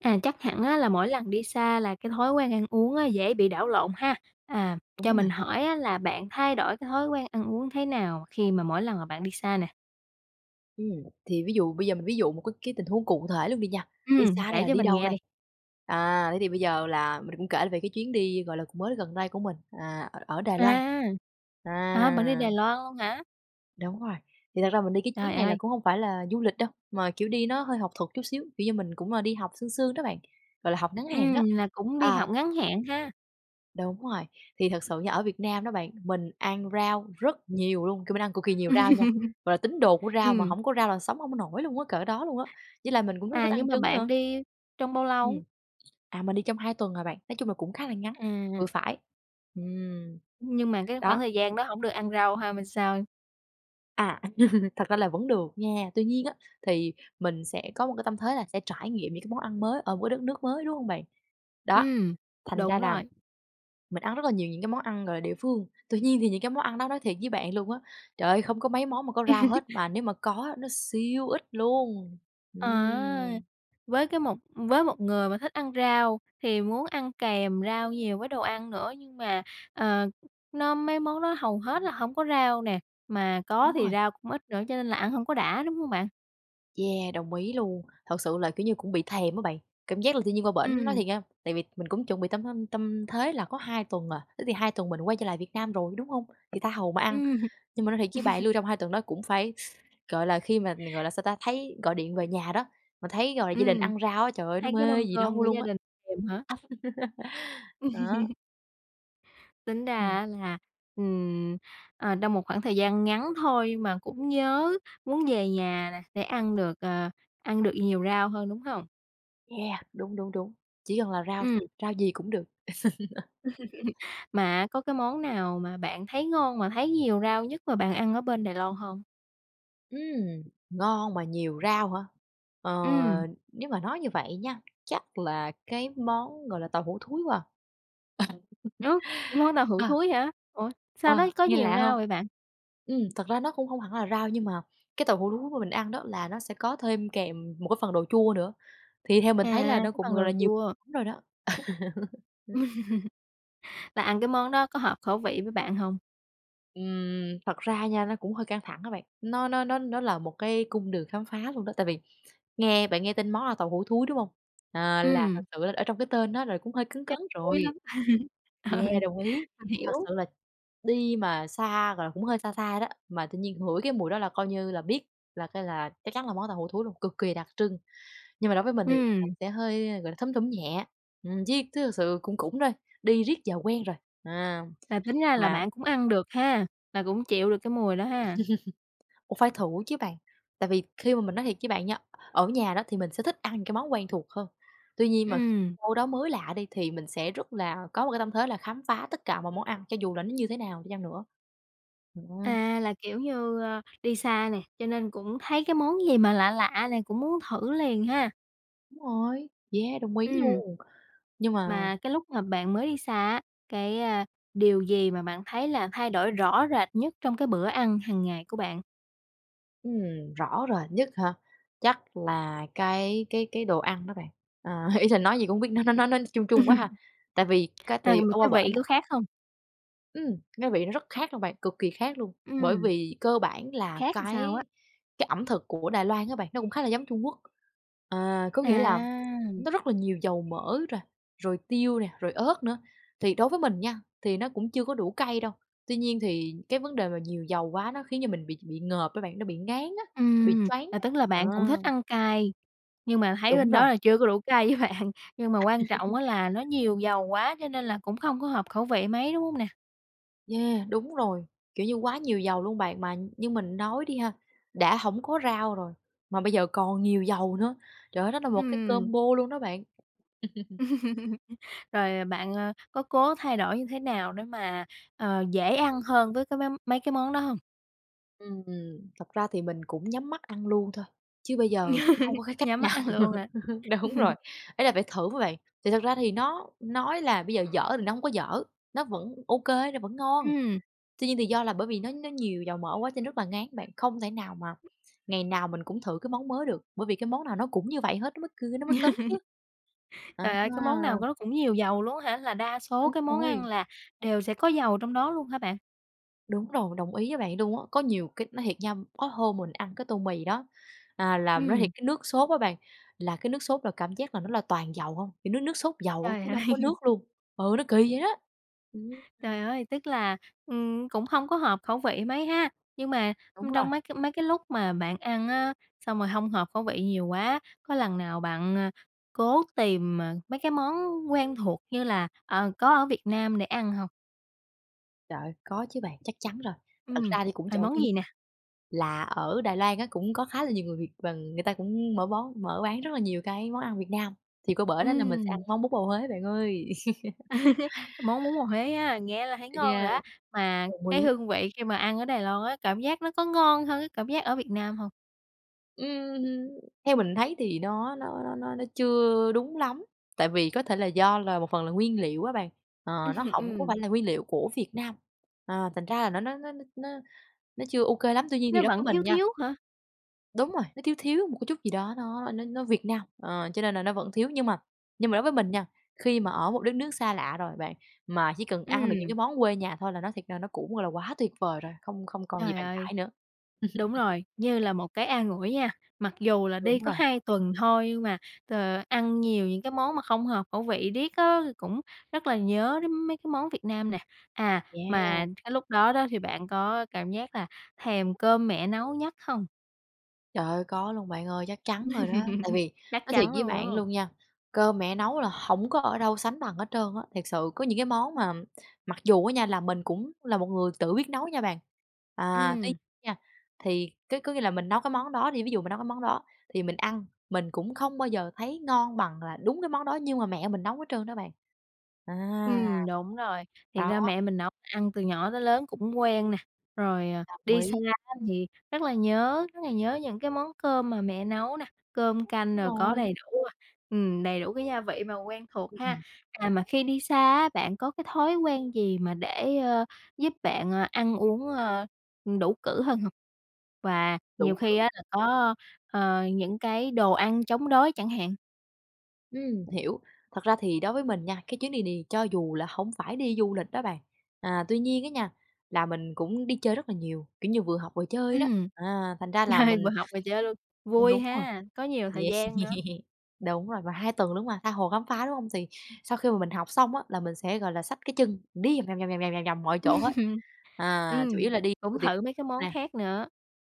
À, chắc hẳn á là mỗi lần đi xa là cái thói quen ăn uống á dễ bị đảo lộn ha? À, cho Đúng rồi. mình hỏi á là bạn thay đổi cái thói quen ăn uống thế nào khi mà mỗi lần mà bạn đi xa nè? Ừm, thì ví dụ bây giờ mình ví dụ một cái cái tình huống cụ thể luôn đi nha. Đi Ừm, xa ở đây kể là cho đi mình đâu nghe đây? đi. À, thế thì bây giờ là mình cũng kể về cái chuyến đi, gọi là, cũng mới gần đây của mình, à, ở ở Đài Loan, À! Hả? Bạn đi à. Đài Loan luôn hả? Đúng rồi, thì thật ra mình đi cái chuyến Trời này là ơi! cũng hổng phải là du lịch đâu, mà, kiểu, đi nó hơi học thuật chút xíu, kiểu như, mình cũng, ờ, đi học sương sương đó bạn, gọi là. học ngắn hạn đó, Ừm, là cũng đi à. học ngắn hạn há. Đúng rồi, thì thật sự nha ở Việt Nam đó bạn, mình ăn rau rất nhiều luôn, kiểu, mình ăn cực kỳ nhiều rau nha, gọi là tín đồ của rau mà Ừm. hổng có rau là sống hông có nổi luôn á, cỡ đó luôn á, với lại mình cũng rất là thích À, nhưng ăn mà trứng bạn nữa. đi trong bao lâu? Ừm, à, mình đi trong 2 tuần à bạn, nói chung là cũng khá là ngắn, vừa À. phải, ừm, Nhưng mà cái khoảng đó. thời gian đó hổng được ăn rau ha m sao? À, thật ra là vẫn được nha. Tuy nhiên á, thì mình sẽ có một cái tâm thế là sẽ trải nghiệm những cái món ăn mới ở một cái đất nước mới, đúng hông bạn? Đó, Ừm, thành ra đúng là rồi. mình ăn rất là nhiều những cái món ăn, gọi là, địa phương. Tuy nhiên thì những cái món ăn đó nói thiệt với bạn luôn á, trời ơi, không có mấy món mà có rau hết, mà nếu mà có nó siêu ít luôn, Ờ! ừm. Với cái một với một người mà thích ăn rau thì muốn ăn kèm rau nhiều với đồ ăn nữa, nhưng mà, ờ, nó mấy món đó hầu hết là hổng có rau nè, mà có Đúng thì rồi. rau cũng ít nữa cho nên là ăn hông có đã, đúng hông bạn? Yeah, đồng ý luôn. Thật sự là, kiểu như, cũng bị thèm á bạn, cảm giác là tự nhiên qua bển nói Ừm. thiệt nha, tại vì mình cũng chuẩn bị tâm, ưm, tâm thế là có 2 tuần à, thế thì 2 tuần mình quay trở lại Việt Nam rồi, đúng hông? Thì tha hồ mà ăn. Ừm. Nhưng mà nói thiệt với bạn luôn, trong 2 tuần đó cũng phải, gọi là, khi mà gọi là sao ta? Thấy gọi điện về nhà đó, mà thấy, gọi là, gia đình Ừm, ăn rau á, trời ơi, nó thấy cái mê mâm gì cơm đâu của luôn gia á. đình thèm hả? Đó. Tính ra Ừm. á là, ừm, ờ, trong một khoảng thời gian ngắn thôi mà cũng nhớ, muốn về nhà nè để ăn được, ờ, ăn được nhiều rau hơn, đúng hông? Yeah, đúng, đúng, đúng, chỉ cần là rau Ừm. thôi, rau gì cũng được. Mà có cái món nào mà bạn thấy ngon mà thấy nhiều rau nhất mà bạn ăn ở bên Đài Loan hông? Ừm, ngon mà nhiều rau hả? Ờ, Ừm. nếu mà nói như vậy nha, chắc là cái món gọi là tàu hủ thúi quá. Ơ, món tàu hủ Ờ, ờ. thúi hả? Ủa, sao Ờ, nó có nghe nhiều lạ rau hông? vậy bạn? Ừm, thật ra nó cũng không hẳn là rau, nhưng mà cái tàu hủ thúi mà mình ăn đó là nó sẽ có thêm kèm một cái phần đồ chua nữa, thì theo mình À, thấy là nó cái cũng, phần gọi đồ là, nhiều chua. lắm rồi đó. Ừm. Là ăn cái món đó có hợp khẩu vị với bạn hông? Ừm, thật ra nha, nó cũng hơi căng thẳng á bạn. Nó nó nó nó là một cái cung đường khám phá luôn đó. Tại vì nghe bạn nghe tên món tàu hủ thúi, đúng hông? À, là thật Ừm. sự ở trong cái tên đó rồi cũng hơi cấn cấn Chắc thúi rồi. lắm. Ừ, Yeah, đồng ý. mình Thật hiểu. sự là đi mà xa rồi cũng hơi xa xa đó, mà tự nhiên ngửi cái mùi đó là coi như là biết là cái là chắc chắn là món tàu hủ thúi luôn, cực kì đặc trưng. Nhưng mà đối với mình thì nó cũng Ừm. sẽ hơi, gọi là, thum thủm nhẹ. Ừm, diết t thật sự cũng cũng thôi, đi riết giờ quen rồi. À, Là tính ra là và bạn cũng ăn được ha, là cũng chịu được cái mùi đó ha. Cũng phải thử chứ bạn. Tại vì khi mà mình nói thiệt với bạn nha, ở nhà đó, thì mình sẽ thích ăn những cái món quen thuộc hơn. Tuy nhiên mà khi Ừm. đâu đó mới lạ đi, thì mình sẽ rất là có một cái tâm thế là khám phá tất cả mọi món ăn cho dù là nó như thế nào đi chăng nữa. Ừm. À, là kiểu như, ơ, đi xa này, cho nên cũng thấy cái món gì mà lạ lạ này, cũng muốn thử liền ha. Đúng rồi, Yeah, đồng ý Ừm. luôn, nhưng mà Mà cái lúc mà bạn mới đi xa á, cái, a, điều gì mà bạn thấy là thay đổi rõ rệt nhất trong cái bữa ăn hàng ngày của bạn? Ừm, rõ rồi nhất hả? Chắc là cái cái cái đồ ăn đó bạn. Ờ, ý là nói gì cũng hông biết nữa nó nó nói ch chung chung quá ha? Tại vì cái thì Ừ, ở qua cái bển vị lứa á khác không? Ừm, ngớ vị nó rất khác luôn bạn, cực kỳ khác luôn, bởi Ừm. vì cơ bản là Khác làm sao á? cái cái ẩm thực của Đài Loan á bạn, nó cũng khá là giống Trung Quốc. Ờ, có nghĩa là À! nó rất là nhiều dầu mỡ rồi, rồi tiêu nè, rồi ớt nữa. Thì đối với mình nha, thì nó cũng chưa có đủ cay đâu, tuy nhiên thì cái vấn đề mà nhiều dầu quá nó khiến cho mình bị bị ngợp á bạn, nó bị ngán á, nó bị Ừm. choáng À, á, tức là ờ. bạn cũng thích ăn cay, nhưng mà thấy Đúng bên rồi. đó là chưa có đủ cay với bạn nhưng mà quan trọng á là nó nhiều dầu quá cho nên là cũng không có hợp khẩu vị mấy, đúng hông nè? Yeah, đúng rồi. Kiểu như quá nhiều dầu luôn bạn. Mà như mình nói đi ha, đã hổng có rau rồi, mà bây giờ còn nhiều dầu nữa, trời ơi, nó là một cái Ừm. combo luôn đó bạn. Rồi, ờ, bạn, ơ, có cố thay đổi như thế nào để mà, ờ, dễ ăn hơn với cái mấy mấy cái món đó hông? Ưm, ừm. Thật ra thì mình cũng nhắm mắt ăn luôn thôi, chứ bây giờ cũng hông có cái cách Nhắm mắt nào. ăn luôn hả? Đúng rồi, ý là phải thử á bạn, thì thật ra thì nó nói là bây giờ dở thì nó hông có dở, nó vẫn ô kê, nó vẫn ngon, Ừm. tuy nhiên thì do là bởi vì nó nó nhiều dầu mỡ quá cho rất là ngán bạn, không thể nào mà ngày nào mình cũng thử cái món mới được, bởi vì cái món nào nó cũng như vậy hết, nó mới cừ nó mới cấn chứ. À Trời ơi! Cái ha. món nào của nó cũng nhiều dầu luôn á hả? Là đa số Đúng cái món ăn rồi. là đều sẽ có dầu trong đó luôn hả bạn? Đúng rồi, đồng ý với bạn luôn á. Có nhiều c nói thiệt nha, có hôm mình ăn cái tô mì đó, à, là nói thiệt, Ừm. cái nước sốt á bạn, là cái nước sốt là cảm giác là nó là toàn dầu hông. Thì nước nước sốt dầu Trời chứ nó hông ơi! có nước luôn. Ừ, nó kỳ vậy đó. Ừm. Trời ơi, tức là, ừm, cũng hông có hợp khẩu vị mấy ha. Nhưng mà, Đúng ưm, rồi. trong mấy cái mấy cái lúc mà bạn ăn á, xong rồi hông hợp khẩu vị nhiều quá, có lần nào bạn, ờ, cố tìm, ờ, mấy cái món quen thuộc như là, ờ, có ở Việt Nam để ăn hông? Trời ơi, có chứ bạn, chắc chắn rồi. Thật Ừm, ra thì cũng à, trộm món vía gì nè? là ở Đài Loan á, cũng có khá là nhiều người Việt và người ta cũng mở bón mở bán rất là nhiều cái món ăn Việt Nam. Thì qua bển á là mình sẽ ăn Ừm. món bún bò Huế bạn ơi. Món bún bò Huế á, nghe là thấy ngon rồi Yeah, á. Mà đồng cái ý. hương vị mà khi mà ăn ở Đài Loan á, cảm giác nó có ngon hơn cái cảm giác ở Việt Nam hông? Ừm hưm, theo mình thấy thì nó nó nó nó chưa đúng lắm, tại vì có thể là do là một phần là nguyên liệu á bạn. Ờ, nó hổng có Ừm. phải là nguyên liệu của Việt Nam. Ờ, thành ra là nó nó nó nó nó chưa ô kê lắm. Tuy nhiên thì Nó đối với vẫn mình thiếu nha thiếu hả? Đúng rồi, nó thiếu thiếu một cái chút gì đó nó nó nó Việt Nam, ờ, cho nên là nó vẫn thiếu, nhưng mà nhưng mà đối với mình nha, khi mà ở một đất nước xa lạ rồi bạn, mà chỉ cần ăn được những cái Ừm. món quê nhà thôi là nó thiệt ra nó cũng, gọi là, quá tuyệt vời rồi, không không còn gì Trời bàn ơi. cãi nữa. Đúng rồi, như là một cái an ủi nha. Mặc dù là đi Đúng có rồi. 2 tuần thôi nhưng mà, ờ, ăn nhiều những cái món mà không hợp khẩu vị riết á thì cũng rất là nhớ đến mấy cái món Việt Nam nè. À, Yeah. mà cái lúc đó đó thì bạn có cảm giác là thèm cơm mẹ nấu nhất hông? Trời ơi, có luôn bạn ơi, chắc chắn rồi đó. Tại vì Chắc nói thiệt chắn với luôn rồi, đúng bạn không? luôn nha, cơm mẹ nấu là hổng có ở đâu sánh bằng hết trơn á, thiệt sự có những cái món mà mặc dù á nha là mình cũng là một người tự biết nấu nha bạn. À, tuy Ừm. nha, thì cứ có nghĩa là mình nấu cái món đó đi, ví dụ mình nấu cái món đó thì mình ăn, mình cũng không bao giờ thấy ngon bằng là đúng cái món đó nhưng mà mẹ mình nấu hết trơn đó bạn. À. Ừm, đúng rồi. Thiệt Đó. ra mẹ mình nấu ăn từ nhỏ tới lớn cũng quen nè. Rồi, ờ, Đồng đi xa ý. á thì rất là nhớ, rất là nhớ những cái món cơm mà mẹ nấu nè, cơm canh Đúng rồi có rồi. đầy đủ, à, ừm, đầy đủ cái gia vị mà quen thuộc ha. Ừm. À, mà khi đi xa á, bạn có cái thói quen gì mà để, ơ, giúp bạn, ờ, ăn uống, ơ, ừ, đủ cữ hơn hông? Và Đủ nhiều khi cữ. á là có, ờ, những cái đồ ăn chống đói chẳng hạn? Ừm, hiểu. Thật ra thì đối với mình nha, cái chuyến đi đi cho dù là hổng phải đi du lịch đó bạn. À, tuy nhiên á nha, là mình cũng đi chơi rất là nhiều, kiểu như vừa học vừa chơi đó. Ừm. À, thành ra là mình Vừa học vừa chơi luôn, vui Đúng rồi. ha! Có nhiều thời Yeah. gian nữa. Đúng rồi, mà 2 tuần luôn mà, tha hồ khám phá, đúng hông? Thì sau khi mà mình học xong á, là mình sẽ, gọi là, xách cái chân đi vòng vòng, vòng vòng, vòng vòng mọi chỗ hết. À, Ừm, chủ yếu là đi cũng [unintelligible] thử mấy cái món nè. khác nữa.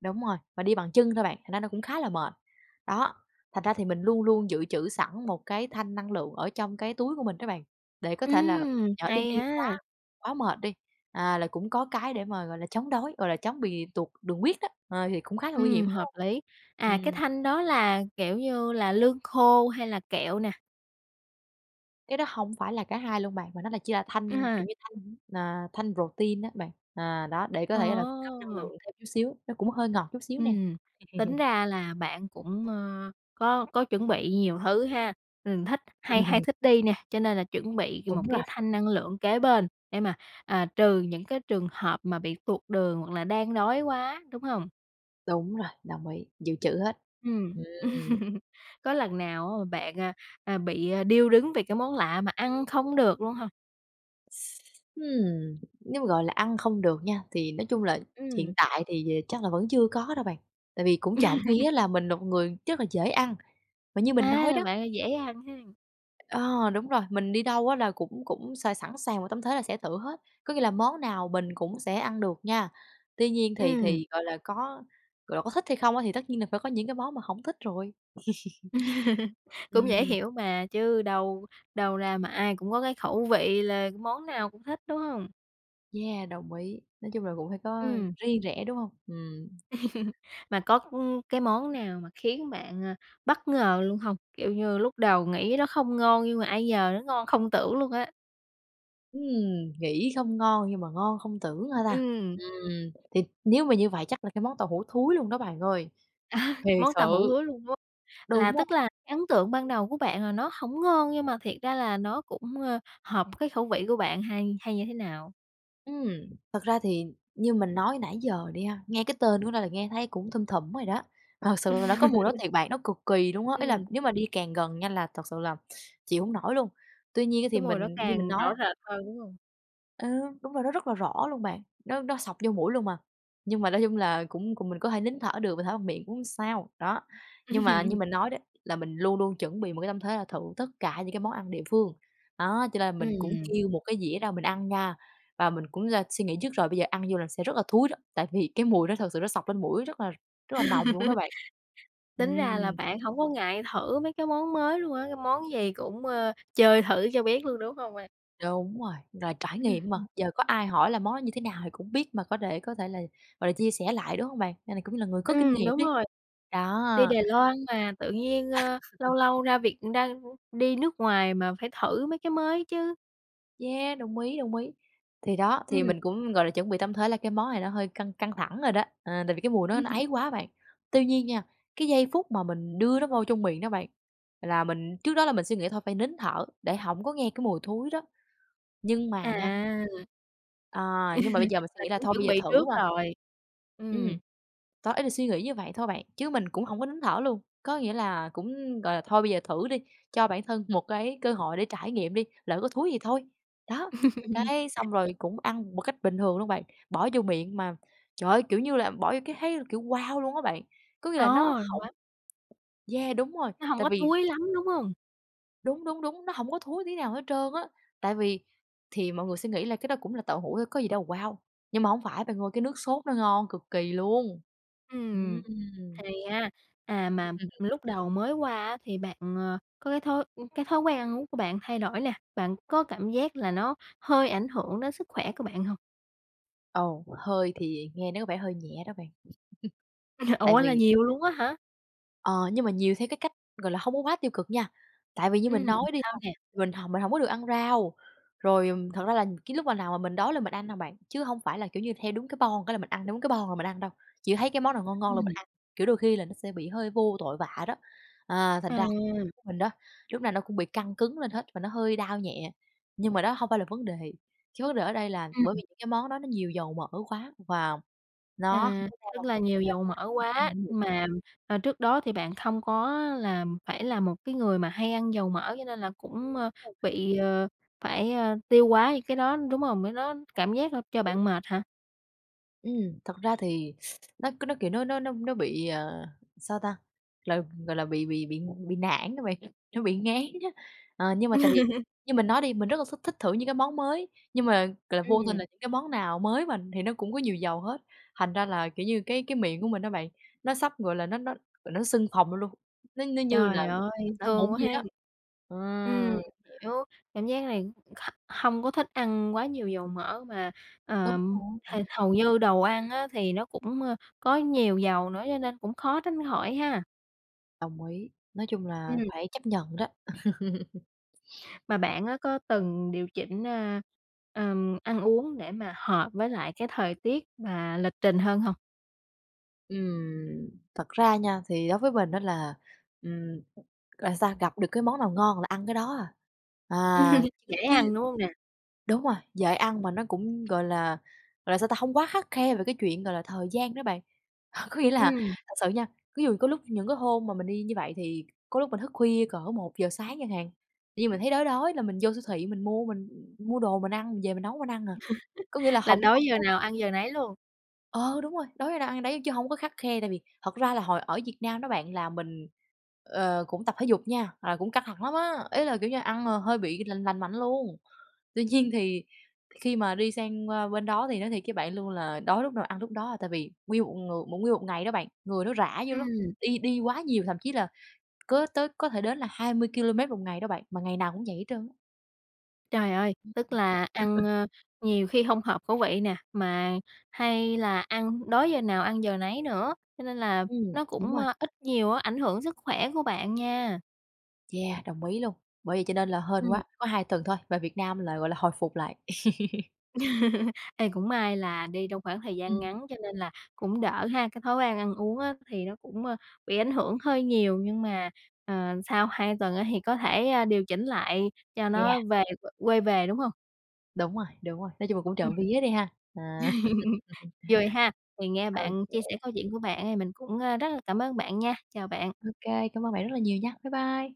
Đúng rồi, mà đi bằng chân thôi, bạn, thành ra nó cũng khá là mệt. Đó, thành ra thì mình luôn luôn dự trữ sẵn một cái thanh năng lượng ở trong cái túi của mình đó bạn. Để có thể là Ừm, nhỡ đi hay đi quá ha! quá mệt đi, à, là cũng có cái để mà, gọi là, chống đói, gọi là, chống bị tụt đường huyết đó. À, thì cũng khá là nguy hiểm, Ừm, đúng hợp không? lý. À, cái Ừm. thanh đó là, kiểu như là, lương khô hay là kẹo nè? Cái đó hông phải là cả hai luôn bạn, mà nó là chỉ là Ư thanh, hừ. kiểu như, thanh, à, thanh protein á bạn. À, đó, để có thể là cung cấp năng Ờ! lượng thêm chút xíu. Nó cũng hơi ngọt chút xíu nè. Ừm, tính ra là bạn cũng, ờ, có có chuẩn bị nhiều thứ ha. Mình thích hay hay thích đi nè, cho nên là chuẩn bị Đúng một rồi. cái thanh năng lượng kế bên để mà, à, trừ những cái trường hợp mà bị tuột đường hoặc là đang đói quá, đúng hông? Đúng rồi, đồng ý, dự trữ hết. Ừm. Ừm. Có lần nào mà bạn, à, à, bị, a, điêu đứng về cái món lạ mà ăn không được luôn hông? Ừm, nếu, gọi là, ăn không được nha, thì nói chung là hiện Ừm. tại thì, ờ, chắc là vẫn chưa có đâu bạn, tại vì cũng trộm vía là mình là một người rất là dễ ăn, mà như mình À, nói là đó bạn dễ ăn ha. Ờ, đúng rồi, mình đi đâu á là cũng cũng s sẵn sàng vào tâm thế là sẽ thử hết, có nghĩa là món nào mình cũng sẽ ăn được nha, tuy nhiên thì Ừm. thì, gọi là, có, gọi là, có thích hay không á, thì tất nhiên là phải có những cái món mà hổng thích rồi. Cũng dễ Ừm. hiểu mà, chứ đâu đâu ra mà ai cũng có cái khẩu vị là món nào cũng thích, đúng hông? Yeah, đồng ý, nói chung là cũng phải có Ừm. riêng rẽ, đúng hông? Ừm. Mà có, ưm, cái món nào mà khiến bạn, à, bất ngờ luôn hông? Kiểu như lúc đầu nghĩ nó không ngon nhưng mà ai nhờ nó ngon không tưởng luôn á. Ừm, nghĩ không ngon nhưng mà ngon không tưởng hả ta? Ừm. Ừm, thì nếu mà như vậy chắc là cái món tàu hủ thúi luôn đó bạn ơi. Thiệt Món tàu hủ sự! thúi luôn, đúng hông? Là Đúng rồi. tức là ấn tượng ban đầu của bạn là nó hổng ngon nhưng mà thiệt ra là nó cũng, ờ, hợp cái khẩu vị của bạn hay hay như thế nào? Ừm, thật ra thì như mình nói nãy giờ đi ha, nghe cái tên của nó là nghe thấy cũng thum thủm rồi đó. Thật sự là nó có mùi đó thiệt bạn, nó cực kỳ luôn á, ý là Ừm. nếu mà đi càng gần nha là thật sự là chịu hổng nổi luôn. Tuy nhiên á thì Cái mùi nó mình như mình càng nói á rõ rệt hơn, đúng hông? Ừm, đúng rồi. Nó rất là rõ luôn bạn, nó nó xộc vô mũi luôn mà. Nhưng mà nói chung là cũng cũng mình có thể nín thở được, mình thở bằng miệng cũng hông sao, đó. Nhưng mà như mình nói đấy, là mình luôn luôn chuẩn bị một cái tâm thế là thử tất cả những cái món ăn địa phương. Đó, cho nên là mình cũng Ừm. kêu một cái dĩa ra mình ăn nha, và mình cũng là suy nghĩ trước rồi, bây giờ ăn vô là sẽ rất là thúi đó, tại vì cái mùi đó thực sự nó xộc lên mũi rất là rất là nồng luôn đó bạn. Tính ra là Ừm. bạn hổng có ngại thử mấy cái món mới luôn á, cái món gì cũng, ơ, chơi thử cho biết luôn, đúng hông bạn? Đúng rồi. Rồi trải nghiệm mà, giờ có ai hỏi là món đó như thế nào thì cũng biết mà có thể có thể là, gọi là, chia sẻ lại, đúng hông bạn? Nên là cũng như là người có kinh Ừm, nghiệm đúng đi, rồi. đó. Đi Đài Loan mà tự nhiên, ơ, lâu lâu ra việc ra đi nước ngoài mà, phải thử mấy cái mới chứ. Yeah, đồng ý, đồng ý. Thì đó, thì Ừm. mình cũng, gọi là, chuẩn bị tâm thế là cái món này nó hơi căng căng thẳng rồi đó. Ờ, tại vì cái mùi nó nó ấy quá bạn. Tuy nhiên nha, cái giây phút mà mình đưa nó vô trong miệng đó bạn, là mình trước đó là mình suy nghĩ thôi phải nín thở để hổng có nghe cái mùi thúi đó. Nhưng mà nha À. à, nhưng mà bây giờ mình suy Là nghĩ là cũng thôi bây chuẩn giờ bị thử trước mà. rồi. Ừm. Ừm. Đó, ý là suy nghĩ như vậy thôi bạn, chứ mình cũng hổng có nín thở luôn. Có nghĩa là cũng, gọi là, thôi bây giờ thử đi, cho bản thân một cái cơ hội để trải nghiệm đi, lỡ có thúi thì thôi. Đó, cái xong rồi cũng ăn một cách bình thường luôn bạn, bỏ vô miệng mà trời ơi! Kiểu như là bỏ vô cái thấy kiểu "wow" luôn á bạn, có nghĩa là nó Ờ. Nó hổng Yeah, đúng rồi, Nó hông tại có vì thúi lắm, đúng hông? Đúng, đúng, đúng, nó hổng có thúi tí nào hết trơn á. Tại vì thì mọi người sẽ nghĩ là cái đó cũng là tàu hủ thôi có gì đâu wow, nhưng mà hông phải bạn ơi, cái nước sốt nó ngon cực kỳ luôn! Ừm, Ừm. thì á, à, mà Ừm. lúc đầu mới qua á thì bạn, ờ, có cái thói cái thói quen ăn uống của bạn thay đổi nè, bạn có cảm giác là nó hơi ảnh hưởng đến sức khỏe của bạn hông? Ồ, hơi thì nghe nó có vẻ hơi nhẹ đó bạn, tại Ủa, là vì nhiều luôn á hả? Ờ, nhưng mà nhiều theo cái cách, gọi là, hông có quá tiêu cực nha, tại vì như mình Ừm, nói đi, sao nè? mình hồng mình hổng có được ăn rau, rồi, ừm, thật ra là cái lúc mà nào mà mình đói là mình ăn hà bạn, chứ hông phải là, kiểu như, theo đúng cái boong cái là mình ăn, đúng cái boong là mình ăn đâu, chỉ thấy cái món nào ngon ngon là mình Ừm. ăn, kiểu, đôi khi là nó sẽ bị hơi vô tội vạ đó. À, thành À. ra [unintelligible] của mình đó, lúc nào nó cũng bị căng cứng lên hết và nó hơi đau nhẹ, nhưng mà đó hông phải là vấn đề. Cái vấn đề ở đây là bởi vì Ừm. những cái món đó nó nhiều dầu mỡ quá và nó hông À, có rau tức là nhiều dầu mỡ quá, [unintelligible] mà, à, trước đó thì bạn không có là phải là một cái người mà hay ăn dầu mỡ cho nên là cũng, ờ, [unintelligible] bị, ờ, phải, ờ, tiêu hóa những cái đó, đúng không? Cái đó cảm giác là cho Đồng ý. bạn mệt hả? Ừm, thật ra thì, nó cứ nó, kiểu, nó nó nó nó nó bị, ờ, sao ta? Là, gọi là, bị bị bị bị nản đó bạn, nó bị ngán á. Ờ, nhưng mà tại vì như mình nói đi, mình rất là thích thích thử những cái món mới, nhưng mà, gọi là, vô tình Ừm. là những cái món nào mới mà, thì nó cũng có nhiều dầu hết, thành ra là, kiểu như, cái cái miệng của mình á bạn, nó sắp, gọi là, nó nó, gọi, nó sưng phồng lên luôn, nó nó như là Trời ơi, sắp nổi thương mụn quá vậy ha! đó, Ừm, ừm. hiểu, cảm giác này h hông có thích ăn quá nhiều dầu mỡ mà, Đúng ờm, h rồi. hầu như đồ ăn á, thì nó cũng, ơ, có nhiều dầu nữa, cho nên cũng khó tránh khỏi ha. Đồng ý, nói chung là Ừm. phải chấp nhận đó. Mà bạn á, có từng điều chỉnh, à, ờm, ăn uống để mà hợp với lại cái thời tiết và lịch trình hơn hông? Ừm, thật ra nha, thì đối với mình á, là, ừm, là sao? Gặp được cái món nào ngon là ăn cái đó à, à, chứ Dễ chứ ăn, đúng hông nè? đúng rồi, dễ ăn mà nó cũng, gọi là gọi là, sao ta? Hông quá khắt khe về cái chuyện, gọi là, thời gian đó bạn, có nghĩa là Ừm. thật sự nha, ví dụ có lúc những cái hôm mà mình đi như vậy, thì có lúc mình thức khuya cỡ 1:00 sáng chẳng hạn, tự dưng mình thấy đói đói, là mình vô siêu thị mình mua mình mua đồ mình ăn, mình về mình nấu mình ăn à, có nghĩa là Là hổng đói hổng giờ có nào ăn giờ nấy luôn? Ờ, đúng rồi, đói đâu ăn đấy chớ hông có khắt khe, tại vì thật ra là hồi ở Việt Nam đó bạn là mình, ờ, cũng tập thể dục nha, là cũng căng thẳng lắm á, ý là, kiểu như, ăn, ờ, hơi bị lành lành mạnh luôn. Tuy nhiên thì khi mà đi sang, ơ, bên đó thì nói thiệt với bạn luôn là đói lúc nào ăn lúc đó à, tại vì nguyên một ng mà nguyên một ngày đó bạn, người nó rã dữ lắm, Ừm. đi đi quá nhiều, thậm chí là có tới có thể đến là 20 ki-lô-mét 1 ngày đó bạn, mà ngày nào cũng vậy hết trơn á. Trời ơi, Ưm, tức ừm. là ăn, ơ, nhiều khi hông hợp khẩu vị nè, mà hay là ăn đói giờ nào ăn giờ nấy nữa, cho nên là Ừm, nó đúng cũng, rồi. ơ, ít nhiều á, ảnh hưởng sức khỏe của bạn nha. Yeah, đồng ý luôn, bởi vậy cho nên là hên Ừm. quá, có 2 tuần thôi, về Việt Nam là, gọi là, hồi phục lại. Ê, cũng may là đi trong khoảng thời gian Ừm. ngắn cho nên là cũng đỡ ha, cái thói quen ăn uống á, thì nó cũng, ơ, bị ảnh hưởng hơi nhiều, nhưng mà, ờ, sau 2 tuần á hì có thể, a, điều chỉnh lại cho Yeah! nó về q quay về, đúng hông? Đúng rồi, đúng rồi, nói chung là cũng Ừm. trộm vía đi ha. À. Rồi ha, thì nghe Ô bạn kê. chia sẻ câu chuyện của bạn ấy mình cũng, ơ, rất là cảm ơn bạn nha, chào bạn. Ô kê, cảm ơn bạn rất là nhiều nha. Bye bye.